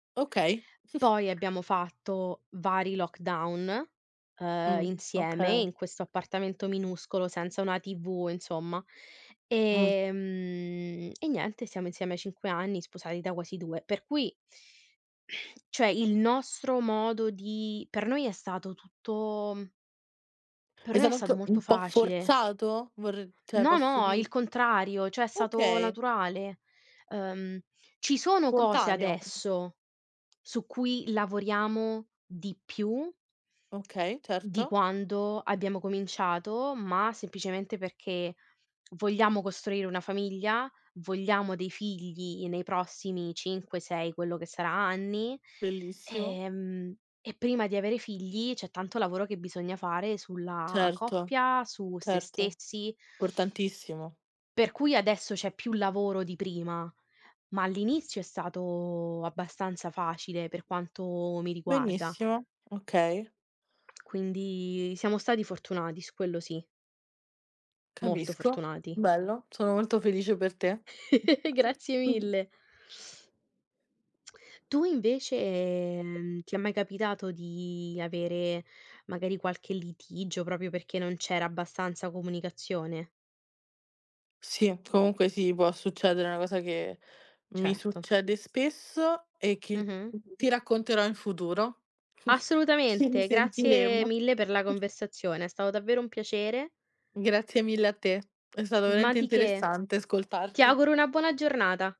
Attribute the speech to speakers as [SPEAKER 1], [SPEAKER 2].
[SPEAKER 1] Okay.
[SPEAKER 2] Poi abbiamo fatto vari lockdown, uhm,
[SPEAKER 1] Mh,
[SPEAKER 2] insieme
[SPEAKER 1] okay.
[SPEAKER 2] in questo appartamento minuscolo, senza una TV insomma.
[SPEAKER 1] Mh.
[SPEAKER 2] Ehm, e niente, siamo insieme a 5 anni sposati da quasi 2. Per cui cioè il nostro modo di per noi è stato tutto per
[SPEAKER 1] È
[SPEAKER 2] noi è
[SPEAKER 1] stato
[SPEAKER 2] stato
[SPEAKER 1] anche
[SPEAKER 2] molto
[SPEAKER 1] un po'
[SPEAKER 2] facile.
[SPEAKER 1] forzato? Vorr cioè
[SPEAKER 2] No,
[SPEAKER 1] posso
[SPEAKER 2] no,
[SPEAKER 1] di
[SPEAKER 2] il contrario, cioè è stato
[SPEAKER 1] Okay.
[SPEAKER 2] naturale. Uhm, ci sono cose
[SPEAKER 1] Spontaneo.
[SPEAKER 2] adesso, su cui lavoriamo di più
[SPEAKER 1] Okay,
[SPEAKER 2] di
[SPEAKER 1] certo.
[SPEAKER 2] quando abbiamo cominciato, ma semplicemente perché vogliamo costruire una famiglia, vogliamo dei figli nei prossimi 5, 6, quello che sarà anni,
[SPEAKER 1] Bellissimo.
[SPEAKER 2] ehm, e prima di avere i figli c'è tanto lavoro che bisogna fare sulla
[SPEAKER 1] Certo.
[SPEAKER 2] coppia, su se
[SPEAKER 1] Certo.
[SPEAKER 2] stessi.
[SPEAKER 1] Importantissimo.
[SPEAKER 2] Per cui adesso c'è più lavoro di prima, ma all'inizio è stato abbastanza facile, per quanto mi riguarda.
[SPEAKER 1] Benissimo, okay.
[SPEAKER 2] Quindi siamo stati fortunati, su quello sì. Molto
[SPEAKER 1] Capisco.
[SPEAKER 2] fortunati.
[SPEAKER 1] Bello, sono molto felice per te.
[SPEAKER 2] Grazie
[SPEAKER 1] Mh-mh.
[SPEAKER 2] mille. Tu invece, ehm, ti è mai capitato di avere magari qualche litigio, proprio perché non c'era abbastanza comunicazione?
[SPEAKER 1] Sì, comunque sì, può succedere, è una cosa che mi
[SPEAKER 2] Certo.
[SPEAKER 1] succede spesso e che
[SPEAKER 2] Mh-mh.
[SPEAKER 1] t ti racconterò in futuro. Ci
[SPEAKER 2] Assolutamente, grazie
[SPEAKER 1] risentiremo.
[SPEAKER 2] mille per la
[SPEAKER 1] Mh.
[SPEAKER 2] conversazione, è stato davvero un piacere.
[SPEAKER 1] Grazie mille a te, è stato
[SPEAKER 2] Ma
[SPEAKER 1] veramente
[SPEAKER 2] di che.
[SPEAKER 1] interessante
[SPEAKER 2] Ti
[SPEAKER 1] ascoltarti.
[SPEAKER 2] auguro una buona giornata.